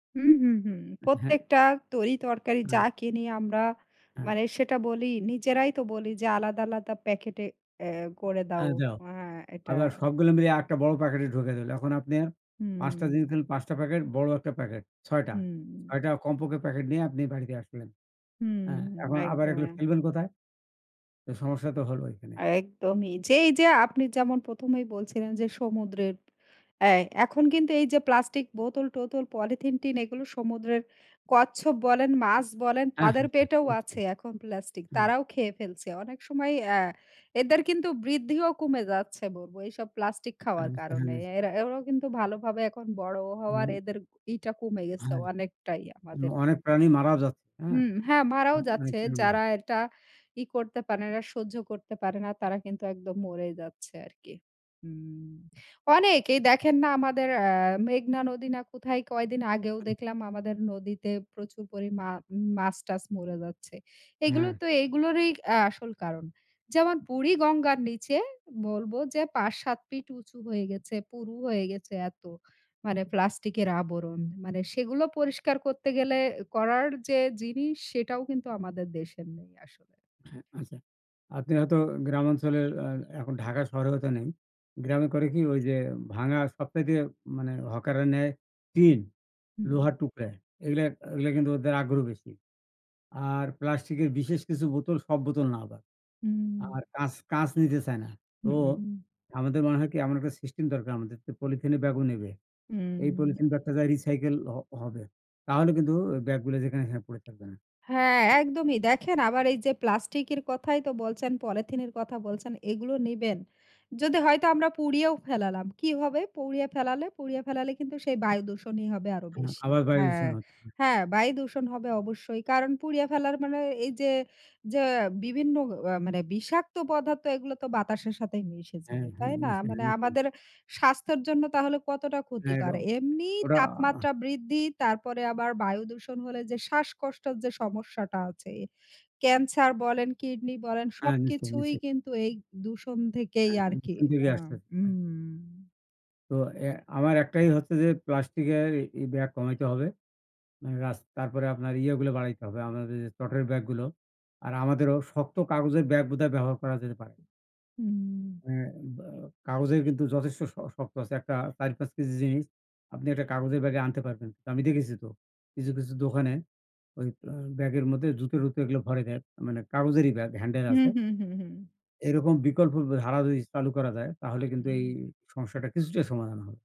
হুম, হুম, হুম। অ্যা হ্যাঁ। প্রত্যেকটা তরি তরকারি যা হু। কিনি আমরা হ্যাঁ। মানে সেটা বলি নিজেরাই তো বলি, যে "আলাদা, আলাদা প্যাকেটে এ করে আ দাও।" যাও। আ এটা। আবার সবগুলো মিলে আরেকটা বড় প্যাকেটে ঢুকায়ে দিলে। এখন আপনে ৫ টা জিনিস হুম। কিন্তু ৫ টা প্যাকেট, বড় একটা প্যাকেট, ৬ টা। হুম। ৬ টা কমপক্ষে প্যাকেট নিয়ে আপনি বাড়িতে আসলেন। হ্যাঁ। হুম, এখন আবার এগুলো একদমই। ফেলবেন কোথায়? তো সমস্যা তো হলো এখানে। একদমই। যে এই যে আপনি যেমন ১ম এই বলছিলেন যে সমুদ্রের, এ এখন কিন্তু এই যে প্লাস্টিক বোতল টোতল, পলিথিন টিন এগুলো সমুদ্রের কচ্ছপ বলেন, মাছ বলেন অ্যা তাদের হ্যাঁ, হ্যাঁ। পেটেও আছে ওইটাই। এখন প্লাস্টিক। হুম। তারাও খেয়ে ফেলছে। অনেক সময়ই আ এদের কিন্তু বৃদ্ধিও কমে যাচ্ছে বলব এইসব প্লাস্টিক খাওয়ার কারণে। [unintelligible] এরা এরাও কিন্তু ভালোভাবে এখন বড় হওয়ার হুম। এদের ইটা কমে গেছে হ্যাঁ। অনেকটাই এবং আমাদের। অনেক প্রাণী মারা যাচ্ছে। তাইনা? হুম, হ্যাঁ মারাও যাচ্ছে। [unintelligible] যারা এটা ই করতে পারে না, সহ্য করতে পারে না তারা কিন্তু একদম মরেই যাচ্ছে আরকি। হুম। অনেক এই দেখেন না আমাদের আ মেঘনা নদী না কোথায় কয়দিন আগেও দেখলাম আমাদের নদীতে প্রচুর পরিমা মাছ টাছ মরে যাচ্ছে। এগুলো হ্যাঁ। তো এগুলোরই আ আসল কারণ। যেমন বুড়িগঙ্গার নিচে বলব যে ৫, ৭ ফিট উঁচু হয়ে গেছে, পুরু হয়ে গেছে এত। মানে প্লাস্টিকের আবরণ। মানে সেগুলো পরিষ্কার করতে গেলে, করার যে জিনিস সেটাও কিন্তু আমাদের দেশের নেই আসলে। হ্যাঁ আচ্ছা। আপনি হয়তো গ্রামাঞ্চলের এ এখন ঢাকার শহরে হয়তো নেই। গ্রামে করে কি, ঐ যে ভাঙ্গা সবচাইতে মানে হকাররা নেয় টিন, হুম। লোহার টুকরা। এগুলা এগুলা কিন্তু ওদের আগ্রহ বেশি। আর প্লাস্টিকের বিশেষ কিছু বোতল, সব বোতল না আবার। হুম। আর কাঁচ কাঁচ নিতে চায় না। তো হুম। আমাদের মনে হয় কি, এমন একটা সিস্টেম দরকার আমাদের যে পলিথিনের ব্যাগও নেবে। এই উম। পলিথিন বা একটা জায়গায় recycle হ হবে। তাহলে কিন্তু ব্যাগগুলো যেখানে সেখানে পরে থাকবে না। হ্যাঁ, একদমই। দেখেন আবার এই যে প্লাস্টিকের কথাই তো বলছেন, পলিথিনের কথা বলছেন। এগুলো নিবেন। যদি হয়তো আমরা পুড়িয়েও ফেলালাম। কি হবে? পুড়িয়ে ফেলালে, পুড়িয়ে ফেলালে কিন্তু সেই বায়ু দূষণই হবে আরও হু বেশি। আবার বায়ু হ্যাঁ, দূষণ হচ্ছে। হ্যাঁ বায়ু দূষণ হবে অবশ্যই। কারণ পুড়িয়ে ফেলার মানে এই যে যে বিভিন্ন আ মানে বিষাক্ত পদার্থ এগুলো তো বাতাসের সাথেই মিশে হ্যাঁ, যাবে। হ্যাঁ তাই না? মানে [unintelligible] আমাদের স্বাস্থ্যের জন্য তাহলে কতটা হ্যাঁ ক্ষতিকর। এটাও এমনিই ওরা তাপমাত্রা বৃদ্ধি তারপরে আবার বায়ু দূষণ হলে যে শ্বাসকষ্টের যে সমস্যাটা আছে। ক্যান্সার বলেন, কিডনি বলেন হ্যাঁ, নিছে, সবকিছুই নিছে। কিন্তু এই দূষণ থেকেই হ্যাঁ, আরকি। উপর দিকে আ আসতেছে হ্যাঁ। হুম। তো এ আমার একটাই হচ্ছে যে প্লাস্টিকের এই ব্যাগ কমাইতে হবে। রাস তারপরে আপনার ইয়াগুলো বাড়াইতে হবে, আমাদের যে চটের ব্যাগগুলো। আর আমাদেরও শক্ত কাগজের ব্যাগ বোধহয় ব্যবহার করা যেতে পারে। হুম। হ্যাঁ বা কাগজের কিন্তু যথেষ্ট শ শক্ত আছে। একটা ৪ ৫ কেজি জিনিস আপনি একটা কাগজের ব্যাগে আনতে পারবেন। আমি দেখেছি তো কিছু, কিছু দোকানে ঐ অ ব্যাগের মধ্যে জুতো টুতো এগুলা ভরে দেয়। মানে কাগজেরই ব্যাগ, handle হুম, আছে। হুম, হুম, হুম। এরকম বিকল্প ধারা যদি চালু করা যায়, তাহলে কিন্তু এই হুম। সমস্যাটার কিছুটা সমাধান হবে।